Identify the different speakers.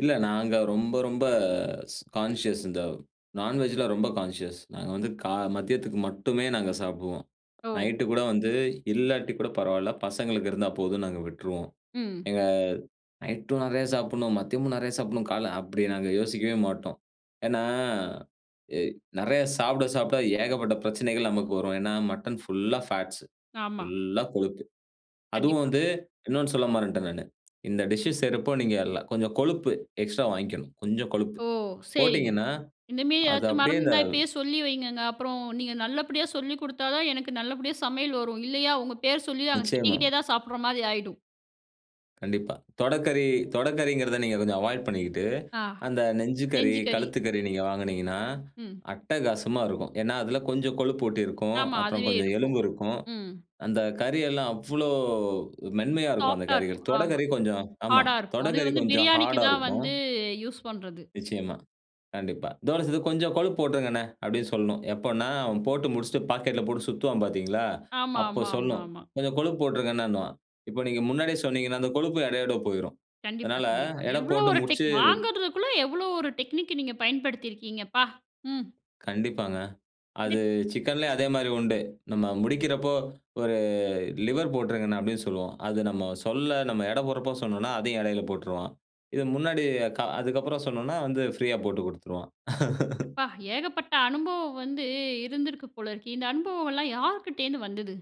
Speaker 1: இல்ல நாங்க ரொம்ப ரொம்ப கான்ஷியஸ் இந்த நான்வெஜ்ஜில ரொம்ப கான்ஷியஸ் நாங்க
Speaker 2: ம்.
Speaker 1: வந்து கா மதியத்துக்கு மட்டுமே நாங்க சாப்பிடுவோம்.
Speaker 2: ஓ.
Speaker 1: நைட்டு கூட வந்து இல்லாட்டி கூட பரவாயில்ல! பசங்களுக்கு இருந்தா போதும் நாங்க விட்ருவோம்.
Speaker 2: ம்.
Speaker 1: எங்க நைட்டும் நெறையா சாப்பிடணும். மதியமும் நெறையா சாப்பிடணும். காலை அப்படி நாங்க யோசிக்கவே மாட்டோம். ஏன்னா எ நெறைய சாப்பிட சாப்பிட ஏகப்பட்ட பிரச்சனைகள் நமக்கு வரும். ஏன்னா மட்டன் ஃபுல்லா ஃபேட்ஸு,
Speaker 2: ஆமா.
Speaker 1: ஃபுல் லா கொழுப்பு அதுவும்
Speaker 2: கண்டிப்பா.
Speaker 1: வந்து இன்னொன்னு சொல்ல மறந்துட்டேன் நான். இந்த டிஷ் செய்யறப்போ நீங்க கொஞ்சம் கொழுப்பு எக்ஸ்ட்ரா வாங்கிக்கணும். கொஞ்சம் கொழுப்பு
Speaker 2: ஓ! சரிங்க
Speaker 1: போட்டீங்கன்னா,
Speaker 2: இந்த மாரி
Speaker 1: அது
Speaker 2: ஏதாச்சும்
Speaker 1: அப்படியே இந்த
Speaker 2: மறந்துனா இப்பயே சொல்லி வைங்கங்க. அப்புறம் நீங்க நல்லபடியா சொல்லிக் குடுத்தா தான் எனக்கு நல்லபடியா சமையல் வரும். இல்லையா? உங்க பேர சொல்லி நாங்க
Speaker 1: நிச்சயமா.
Speaker 2: திட்டிக்கிட்டே தான் சாப்பிடுற மாரி ஆயிடும்.
Speaker 1: கண்டிப்பா, தொடக்கறி தொடக்கறிங்கிறத நீங்க கொஞ்சம் அவாய்ட் பண்ணிகிட்டு
Speaker 2: ஆ
Speaker 1: அந்த நெஞ்சு கறி,
Speaker 2: நெஞ்சு கறி.
Speaker 1: கழுத்து கறி நீங்க வாங்குனீங்கன்னா
Speaker 2: ம்.
Speaker 1: அட்டகாசமா இருக்கும். ஏன்னா, அதில கொஞ்சம் கொழுப்பூட்டி இருக்கும்,
Speaker 2: ஆமா,
Speaker 1: அப்புறம்
Speaker 2: அதுவே
Speaker 1: கொஞ்சம்
Speaker 2: இருக்கும்
Speaker 1: எலும்பு இருக்கும்.
Speaker 2: ம்.
Speaker 1: அந்த கறி எல்லாம் அவ்வளோ மென்மையா இருக்கும். அந்த
Speaker 2: சாஃப்ட் அ
Speaker 1: கறிகள்
Speaker 2: இருக்கும் ஆமா.
Speaker 1: தொடைக்கறி கொஞ்சம் ஆமா,
Speaker 2: ஹார்ட் அ இருக்கும் அது
Speaker 1: தொடைக்கறி
Speaker 2: வந்து
Speaker 1: கொஞ்சம்
Speaker 2: பிரியாணிக்கு
Speaker 1: ஹார்ட் அ
Speaker 2: தான்
Speaker 1: இருக்கும்.
Speaker 2: வந்து யூஸ் பண்றது.
Speaker 1: நிச்சயமா, கண்டிப்பா. இதோட சேர்த்து கொஞ்சம் கொழுப்பு போட்டுருங்கண்ணே, அப்படின்னு சொல்லணும். எப்போன்னா? அவன் போட்டு முடிச்சுட்டு பாக்கெட்ல போட்டு சுத்துவான் பார்த்தீங்களா?
Speaker 2: ஆமா
Speaker 1: அப்போ
Speaker 2: ஆமா ஆமா
Speaker 1: சொல்லணும்.
Speaker 2: ஆமா.
Speaker 1: கொஞ்சம் கொழுப்பு போட்டுருங்க அண்ணேன்னுவான். இப்போ நீங்க முன்னாடியே சொன்னீங்கன்னா, அந்த கொழுப்பு எடையோட போய்டும்.
Speaker 2: கண்டிப்பா
Speaker 1: அதனால
Speaker 2: கண்டிப்பா.
Speaker 1: எடை
Speaker 2: எவ்வளோ
Speaker 1: போட்டு
Speaker 2: ஒரு டெக்
Speaker 1: முடிச்சு
Speaker 2: வாங்குறதுக்குள்ள எவ்வளோ ஒரு டெக்னிக் அ நீங்க பயன்படுத்தியிருக்கீங்கப்பா! ம்.
Speaker 1: கண்டிப்பாங்க.
Speaker 2: இது
Speaker 1: அது சிக்கன்லேயும் அதே மாரி உண்டு. நம்ம முடிக்கிறப்போ ஒரு லிவர் போட்ருங்க அப்படின்னு சொல்லுவோம். அது நம்ம சொல்ல நம்ம எடை போடுறப்போ சொன்னோம்ன்னா, அதையும் எடையில போட்ருவான். இது முன்னாடி க அதுக்கப்புறம் சொன்னோம்ன்னா வந்து ப்ரீயா போட்டுக் குடுத்துருவான்.
Speaker 2: அப்பா! ஏகப்பட்ட அனுபவம் வந்து இருந்திருக்கு போல இருக்கு. இந்த அனுபவம்லாம் யாருகிட்டேருந்து வந்தது?